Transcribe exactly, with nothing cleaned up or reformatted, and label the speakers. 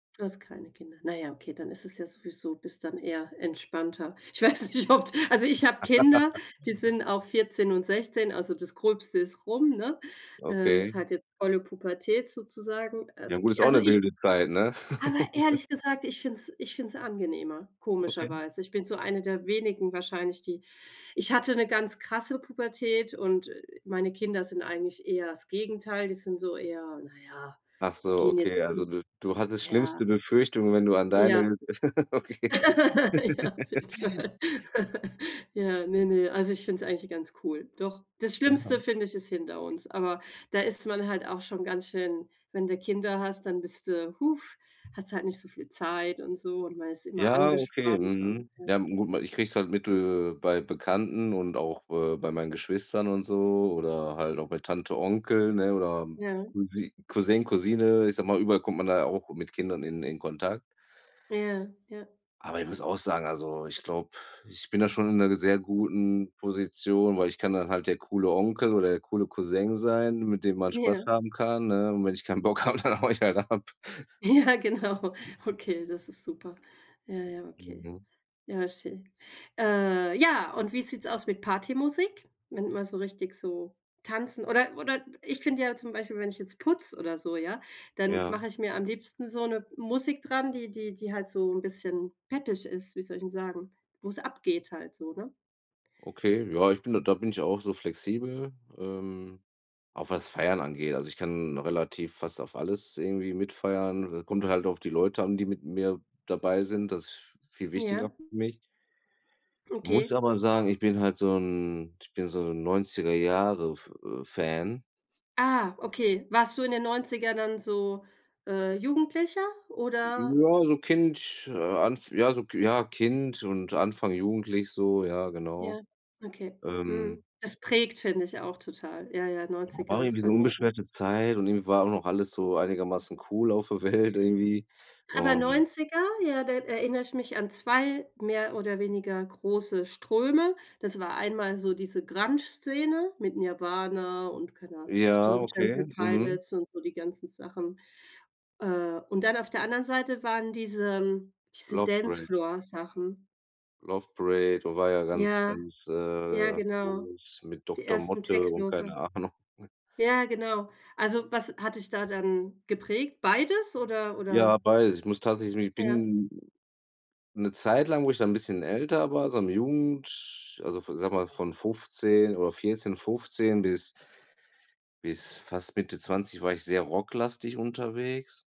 Speaker 1: Du hast keine Kinder. Na ja, okay, dann ist es ja sowieso bist dann eher entspannter. Ich weiß nicht, ob d also, ich hab Kinder, die sind auch vierzehn und sechzehn, also, das Gröbste ist rum, ne? Äh, ist
Speaker 2: Okay.
Speaker 1: halt jetzt volle Pubertät sozusagen.
Speaker 2: Ja,
Speaker 1: Als
Speaker 2: gut, ist
Speaker 1: Ki
Speaker 2: auch
Speaker 1: also
Speaker 2: 'ne
Speaker 1: ich
Speaker 2: wilde Zeit, ne?
Speaker 1: Aber ehrlich gesagt, ich finde es ich finde es angenehmer,
Speaker 2: Okay.
Speaker 1: komischerweise. Ich bin so eine der wenigen wahrscheinlich, die ich hatte 'ne ganz krasse Pubertät und, äh, meine Kinder sind eigentlich eher das Gegenteil, die sind so eher na ja,
Speaker 2: Ach so,
Speaker 1: gehen
Speaker 2: okay,
Speaker 1: jetzt,
Speaker 2: also
Speaker 1: n
Speaker 2: du du hattest
Speaker 1: ja.
Speaker 2: schlimmste Befürchtungen, wenn du an
Speaker 1: Ja.
Speaker 2: deine Okay.
Speaker 1: Ja, auf jeden Fall. Ja, ne, ne. Also, ich finde es eigentlich ganz cool. Doch, das Schlimmste,
Speaker 2: Ja.
Speaker 1: finde ich, ist hinter uns. Aber, da ist man halt auch schon ganz schön wenn du Kinder hast, dann bist du hast halt nicht so viel Zeit und so, und man ist immer
Speaker 2: Ja, okay.
Speaker 1: angespannt. Und,
Speaker 2: Mhm.
Speaker 1: ja.
Speaker 2: Ja, n gut, ich krieg's halt mit, äh, bei Bekannten und auch, äh, bei meinen Geschwistern und so oder halt auch bei Tante, Onkel, ne, oder
Speaker 1: Ja.
Speaker 2: Cousin Cousin, Cousine, ich sage mal, überall kommt man da auch mit Kindern in in Kontakt.
Speaker 1: Ja. Ja.
Speaker 2: Aber ich muss auch sagen, also, ich glaube, ich bin da schon in 'ner ge sehr guten Position, weil, ich kann dann halt der coole Onkel oder der coole Cousin sein, mit dem man Spaß
Speaker 1: Ja.
Speaker 2: haben kann, ne, und wenn ich keinen Bock hab, dann haue ich halt ab.
Speaker 1: Ja, genau. Okay, das ist super. Ja, ja, okay.
Speaker 2: Mhm.
Speaker 1: Ja, schön. Äh, ja, und wie sieht's aus mit Partymusik, wenn du man so richtig so tanzen oder oder ich finde ja zum Beispiel, wenn ich jetzt putze oder so, ja, dann
Speaker 2: Ja.
Speaker 1: mache ich mir am liebsten so 'ne Musik dran, die die die halt so 'n bisschen peppig ist. Wie soll ich 'n sagen, wo's abgeht halt so, ne?
Speaker 2: Okay, ja, ich bin da da bin ich auch so flexibel, ähm, auch was Feiern angeht. Also, ich kann relativ fast auf alles irgendwie mitfeiern. Äh, kommt halt auch die Leute an, die mit mir dabei sind. Das ist v viel wichtiger
Speaker 1: Ja.
Speaker 2: für mich. Muss
Speaker 1: Okay.
Speaker 2: aber sagen, ich bin halt so 'n ich bin so 'n Neunziger Jahre F äh, Fan.
Speaker 1: Ah, okay. Warst du in den Neunzigern dann so, äh, Jugendlicher? Oder
Speaker 2: Ja, so Kind, äh, Anf ja, so Ki ja, Kind und Anfang jugendlich so, ja, genau.
Speaker 1: Ja, okay.
Speaker 2: Ähm
Speaker 1: Mhm. Das prägt, finde ich, auch total. Ja, ja,
Speaker 2: War
Speaker 1: Neunziger ist
Speaker 2: irgendwie so
Speaker 1: bei
Speaker 2: 'ne
Speaker 1: mir auch
Speaker 2: unbeschwerte Zeit und irgendwie war auch noch alles so einigermaßen cool auf der Welt irgendwie,
Speaker 1: Aber
Speaker 2: und
Speaker 1: Neunziger, ja, da erinnere ich mich an zwei mehr oder weniger große Ströme. Das war einmal so diese Grunge-Szene mit Nirvana und keine Ah
Speaker 2: Ja,
Speaker 1: Stone Temple
Speaker 2: okay. Mhm.
Speaker 1: Pilots und so, die ganzen Sachen. Äh, und dann auf der anderen Seite waren diesem diese
Speaker 2: Love Parade.
Speaker 1: Dancefloor-Sachen.
Speaker 2: Love Parade war ja ganz,
Speaker 1: Ja.
Speaker 2: ganz,
Speaker 1: Ja,
Speaker 2: äh
Speaker 1: genau,
Speaker 2: groß mit
Speaker 1: die
Speaker 2: Dr.
Speaker 1: ersten
Speaker 2: Motte und
Speaker 1: Techno-Sachen.
Speaker 2: keine Ahnung.
Speaker 1: Ja, genau. Also, was hat dich da dann geprägt? Beides oder
Speaker 2: Ja,
Speaker 1: oder?
Speaker 2: beides. Ich muss tatsächlich mi
Speaker 1: Ja.
Speaker 2: bin 'ne Zeit lang, wo ich dann 'n bisschen älter war, so in der Jugend, also von sage mal, von fünfzehn oder vierzehn, fünfzehn bis bis fast Mitte zwanzig war ich sehr rocklastig unterwegs.